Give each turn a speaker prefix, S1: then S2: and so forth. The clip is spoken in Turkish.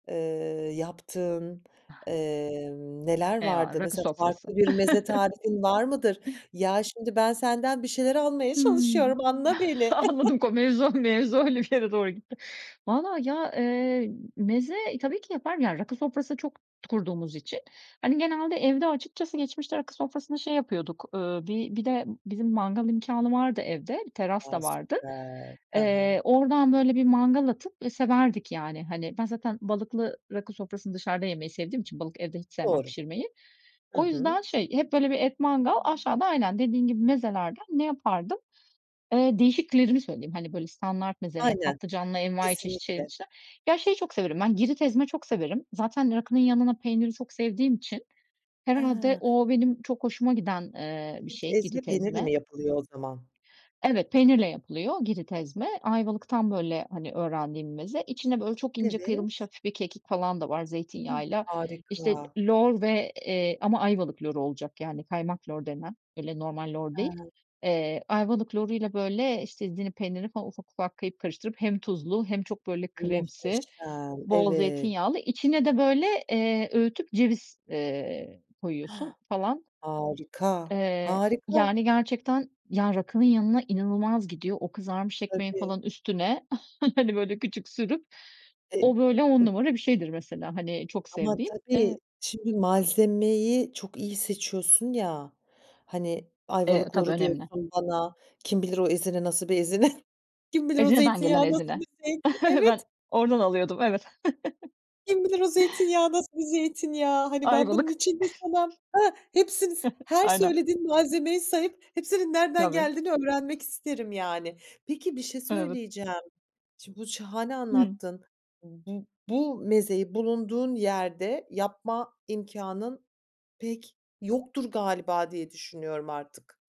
S1: Eee, yaptığın, eee, neler
S2: Eyvallah,
S1: vardı?
S2: rakı
S1: Mesela
S2: sofrası.
S1: farklı bir meze tarifin var mıdır? Ya şimdi ben senden bir şeyler almaya
S2: Hıı.
S1: çalışıyorum, anla beni.
S2: Anladım ko mevzu, o mevzu öyle bir yere doğru gitti. Vallahi ya, eee, meze tabii ki yaparım, rakı sofrası çok kurduğumuz için. Hani genelde evde açıkçası geçmişte rakı sofrasını şey yapıyorduk, uuu, bir bir de bizim mangal imkânı vardı evde, bir teras
S1: A.
S2: da vardı.
S1: Süper. Ha ha.
S2: Eee, oradan böyle bir mangal atıp, eee, severdik yani. Hani ben zaten balıklı rakı sofrasını dışarıda yemeyi sevdiğim için balık evde hiç sevmem
S1: Doğru.
S2: pişirmeyi.
S1: Hı
S2: O
S1: hı.
S2: yüzden şey, hep böyle bir et mangal, aşağıda aynen dediğin gibi mezelerden ne yapardım? Eee, değişiklerimi söyleyeyim, hani böyle standart meze ya
S1: Aynen,
S2: patlıcanlı envaiçeşit şey
S1: kesinlikle.
S2: dışında. Ya şeyi çok severim ben, Girit ezme çok severim. Zaten rakının yanına peyniri çok sevdiğim için herhâlde
S1: Ha!
S2: o benim çok hoşuma giden, eee, bir
S1: Girit,
S2: şey
S1: ezme
S2: Girit
S1: peynirle
S2: ezme.
S1: mi yapılıyor o zaman?
S2: Evet, peynirle yapılıyor Girit ezme. Ayvalık'tan böyle hani öğrendiğim bir meze. İçine böyle çok ince
S1: Evet.
S2: kıyılmış hafif bir kekik falan da var zeytinyağıyla. İşte,
S1: Harika.
S2: lor ve, eee, ama Ayvalık loru olacak yani kaymak lor denen, öyle normal lor değil.
S1: Ha.
S2: Eee, Ayvalık loruyla böyle, işte Ezine peynirini falan ufak ufak karıp karıştırıp hem tuzlu hem çok böyle kremsi,
S1: Muhteşem,
S2: bol
S1: evet.
S2: zeytinyağlı, içine de böyle, eee, öğütüp ceviz, eee, koyuyorsun
S1: Hah!
S2: falan.
S1: Harika,
S2: Eee,
S1: harika.
S2: yani gerçekten, ya rakının yanına inanılmaz gidiyor. O kızarmış ekmeğin
S1: Tabii.
S2: falan üstüne hani böyle küçük sürüp.
S1: Eee
S2: O böyle 10
S1: Hıh.
S2: numara bir şeydir mesela hani çok
S1: Ama
S2: sevdiğim.
S1: tabii
S2: Eee
S1: şimdi malzemeyi çok iyi seçiyorsun ya. Hani
S2: Eee,
S1: Ayvalık
S2: tabii,
S1: loru diyorsun
S2: önemli.
S1: bana, kim bilir o Ezine, nasıl bir Ezine? Kim bilir o
S2: Ezine'den gelen
S1: zeytinyağı, nasıl
S2: Ezine.
S1: bir zeytin?
S2: Ben
S1: Evet!
S2: oradan alıyordum, evet.
S1: Kim bilir o zeytinyağı nasıl bir zeytinyağı? Hani ben bunun
S2: Ayvalık.
S1: için bir sana, hah Hepsini s her
S2: Aynen.
S1: söylediğin malzemeyi sayıp hepsinin nereden
S2: Tabii.
S1: geldiğini öğrenmek isterim yani. Peki bir şey
S2: Evet.
S1: söyleyeceğim. Şimdi bu şahane
S2: Hıı.
S1: anlattın. Bu bu mezeyi bulunduğun yerde yapma imkânın pek yoktur galiba diye düşünüyorum artık.